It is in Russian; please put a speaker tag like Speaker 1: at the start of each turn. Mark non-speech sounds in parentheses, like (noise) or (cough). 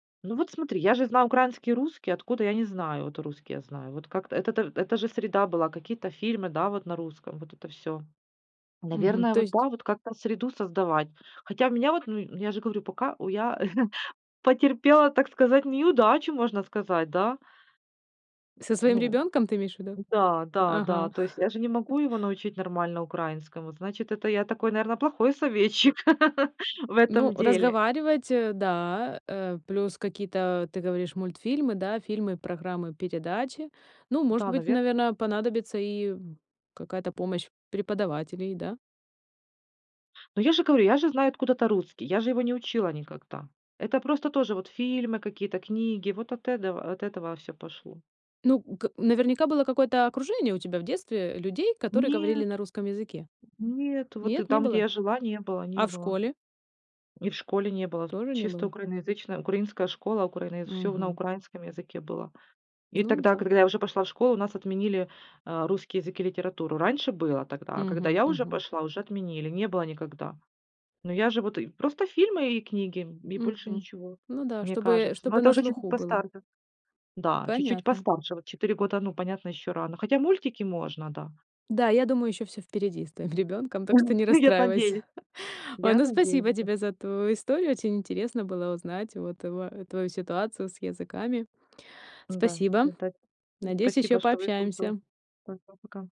Speaker 1: Ну, вот смотри, я же знаю украинский, русский, откуда, я не знаю, вот русский я знаю. Вот как-то это то это же среда была, какие-то фильмы, да, вот на русском, вот это всё.
Speaker 2: Мгм.
Speaker 1: Наверное,
Speaker 2: То
Speaker 1: вот
Speaker 2: есть
Speaker 1: да, вот как-то среду создавать. Хотя меня вот ну ну, я же говорю, пока у я (chuckles) потерпела, так сказать, неудачу, можно сказать, да.
Speaker 2: Со своим
Speaker 1: Ну
Speaker 2: ребёнком ты имеешь в виду?
Speaker 1: да, да, да.
Speaker 2: Ага.
Speaker 1: То есть я же не
Speaker 2: (laughs)
Speaker 1: могу его научить нормально украинскому. Вот, значит, это я такой, наверное, плохой советчик (laughs) в
Speaker 2: Ну,
Speaker 1: этом деле.
Speaker 2: разговаривать, э, да. Э, плюс какие-то, ты говоришь, мультфильмы, да, фильмы, программы, передачи. Ну, может
Speaker 1: Да,
Speaker 2: быть,
Speaker 1: наверно, на
Speaker 2: наверно, понадобится и, м, какая-то помощь преподавателей, да.
Speaker 1: Ну, я же говорю, я же знаю откуда-то русский, я же его не учила никогда. Это просто тоже вот фильмы какие-то, книги, вот от эдого от этого всё пошло.
Speaker 2: Ну, к наверняка было какое-то окружение у тебя в детстве, э, людей, которые говорили
Speaker 1: Нет.
Speaker 2: на русском языке.
Speaker 1: Нет, вот и
Speaker 2: Нет, не
Speaker 1: там, где
Speaker 2: было.
Speaker 1: я жила, не было, не
Speaker 2: А в
Speaker 1: было.
Speaker 2: школе?
Speaker 1: И в школе не было,
Speaker 2: Тоже не
Speaker 1: чисто
Speaker 2: было?
Speaker 1: украиноязычная, украинская школа, украинояз всё на
Speaker 2: Мгм.
Speaker 1: украинском языке было. И
Speaker 2: Ну
Speaker 1: тогда,
Speaker 2: да.
Speaker 1: когда я уже пошла в школу, у нас отменили, а, русский язык и литературу. Раньше было тогда. А когда
Speaker 2: Мгм,
Speaker 1: я уже
Speaker 2: мгм.
Speaker 1: пошла, уже отменили, не было никогда. Ну, я же вот и просто фильмы и книги, м, и больше
Speaker 2: Мгм.
Speaker 1: ничего,
Speaker 2: Ну да,
Speaker 1: мне
Speaker 2: чтобы
Speaker 1: кажется. Но
Speaker 2: чтобы
Speaker 1: это
Speaker 2: на
Speaker 1: уже чуть-чуть
Speaker 2: слуху было.
Speaker 1: постарше. Да, чуть-чуть
Speaker 2: Понятно.
Speaker 1: постарше. Вот 4 года, ну, понятно, ещё рано. Хотя мультики можно, да.
Speaker 2: Да, я думаю, ещё всё впереди с твоим ребёнком, так что
Speaker 1: (chuckles) Да.
Speaker 2: не
Speaker 1: Ну, я т надеюсь.
Speaker 2: расстраивайся. Ой,
Speaker 1: Я
Speaker 2: ну, спасибо
Speaker 1: надеюсь, да.
Speaker 2: тебе за твою историю. Очень интересно было узнать вот туа твою ситуацию с языками.
Speaker 1: Н-да,
Speaker 2: Спасибо.
Speaker 1: это те
Speaker 2: Надеюсь, ещё
Speaker 1: спасибо, что выслушала.
Speaker 2: пообщаемся.
Speaker 1: Пока-пока.